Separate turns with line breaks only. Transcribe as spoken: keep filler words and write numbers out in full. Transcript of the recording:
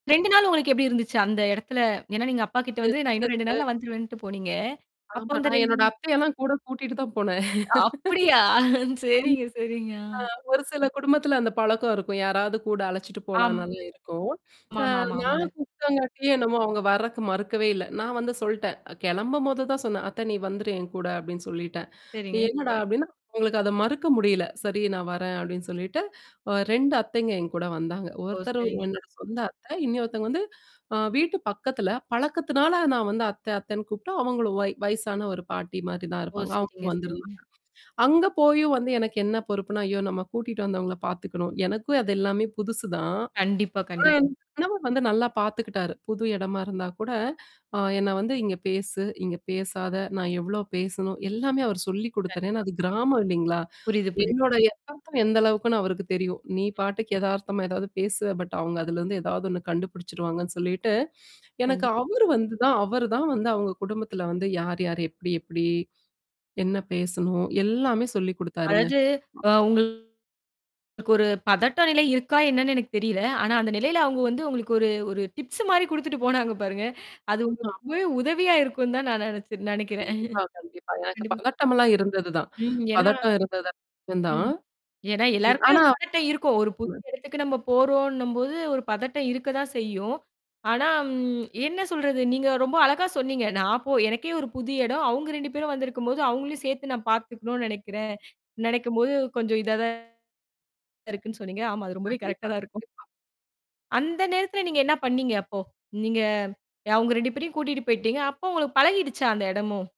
ரெண்டு நாள் உங்களுக்கு எப்படி இருந்துச்சு, அந்த எடத்துல? ஏன்னா நீங்க அப்பா கிட்ட வந்து நா இன்னும் ரெண்டு
[unintelligible]
நாள்ல வந்துருவேன்ட்டு போனீங்க. அப்போ
ஆமா.
அந்த
நா
ரெண்டு
என்னோட
நாள்
அத்தையல்லாம் கூடக் கூட்டிட்டு தான் போனேன்.
அப்படியா?
ஆம்
சரிங்க, சரிங்க. ஆ.
அ ஒரு சில குடும்பத்துல அந்தப் பழக்கம் இருக்கும். யாராவது கூட அழைச்சிட்டு
ஆம்.
போலாம்னல்லாம் இருக்கும்.
ஆமா,
அ
ஆமா,
நா
ஆமாங்க.
கூப்ட்டங்காட்டியோ என்னவோ அவுங்க வரதுக்கு மறுக்கவே இல்ல. நா வந்து சொல்ட்டேன் கெளம்பும்போது தான் சொன்னேன், "அத்தை நீ வந்துரு என் கூட" அப்படீன்னு சொல்லீட்டேன்.
சரிங்க.
"என்னடா?" அப்படீன்னா, அவுங்களுக்கு அத மறுக்க முடியல. "சரி நா வரேன்." அப்படீன்னு சொல்லிட்டு, ஒ ரெண்டு அத்தைங்க என் கூட வந்தாங்க.
ஓ!
ஒருத்தர்
சரிங்க.
என்னோட சொந்த அத்தை. இன்னொருத்தைங்க வந்து அ வீட்டு பக்கத்துல. பழக்கத்துனால நா வந்து அத்தை அத்தைன்னு கூப்பிட்டு, அவங்களும் வய் வயசான ஒரு பாட்டி மாரி தான்
ஓ!
இருப்பாங்க. அவுங்க
சரிங்க,
வந்திருந்தாங்க.
சரிங்க.
அங்க போயும் வந்து எனக்கு என்ன பொறுப்புன்னா, "ஐயோ! நம்ம கூட்டிட்டு வந்தவங்கள பாத்துக்கணும்". எனக்கும் அது எல்லாமே புதுசு தான்.
கண்டிப்பா.
ஆனா
கண்டிப்
என் கணவர் வந்து நல்லா பாத்துக்கிட்டாரு. புது இடமா இருந்தா கூட அ என்ன வந்து, "இங்க பேசு. இங்க பேசாத." நா எவ்வளோ பேசணும்? எல்லாமே அவரு சொல்லிக் குடுத்தாரு. ஏன்னா
கண்டிப்பா.
அது கிராமம் இல்லீங்களா?
புரியுது, புரியுது.
என்னோட எதார்த்தம் எந்த அளவுக்குன்னு அவருக்குத் தெரியும். நீ பாட்டுக்கு எதார்த்தமா எதாவது பேசுவ. பட் அவுங்க அதுலருந்து எதாவது ஒண்ணு கண்டுபுடிச்சுடுவாங்கன்னு சொல்லீட்டு, எனக்கு
கண்டிப்
அவரு வந்து தான் அவரு தான் வந்து அவங்க குடும்பத்துல வந்து, "யார் யார், எப்படி எப்படி, என்ன பேசணும்." எல்லாமே சொல்லிக் குடுத்தாருங்க.
அதாவது அ உங்களுக்கு ஒரு பதட்ட நிலை இருக்கா என்னன்னு எனக்குத் தெரியல. ஆனா அந்த நிலையில அவங்க வந்து உங்களுக்கு ஒரு ஒரு டிப்ஸு மாரி குடுத்துட்டு போனாங்க பாருங்க. அது
[unintelligible]
உங்களுக்கு
ஆமா.
ரொம்பவே உதவியா இருக்கும்ன்னு தான் நா நெனைச்சு நெனைக்கிறேன்.
கண்டிப்பா, கண்டிப்பா. எனக்குப்
கண்டிப்பா.
பதட்டமல்லாம் இருந்தது தான்.
ம். ஏன்னா
பதட்டம் இருந்தது தான்.
ம். ஏன்னா
[unintelligible]
எல்லாருக்குமே
ஆனா
ஒரு பதட்டம் இருக்கும். ஒரு
ஆமா.
புதிய இடத்துக்கு நம்ப போறோம்ன்னும்போது ஒரு பதட்டம் இருக்கதான் செய்யும். ஆனா ம் என்ன சொல்றது? நீங்க ரொம்ப அழகா சொன்னீங்க. நா போ எனக்கே ஒரு புது இடம். அவுங்க ரெண்டு பேரும் வந்திருக்கும்போது, அவங்களையும் சேர்த்து நா பாத்துக்கணும்ன்னு நெனைக்கிறேன். நெனைக்கும்போது கொஞ்சம் இதா தான் இருக்குன்னு சொன்னீங்க. ஆமா, அது ரொம்பவே கரெக்டா
கண்டிப்பா,
தான் இருக்கும்.
கண்டிப்பா.
இந்த நேரத்துல நீங்க என்ன பண்ணீங்க அப்போ? நீங்க அவுங்க ரெண்டு பேரையும் கூட்டிட்டு போயிட்டீங்க. அப்போ உங்களுக்குப் பழகிடுச்சா அந்த இடமும்?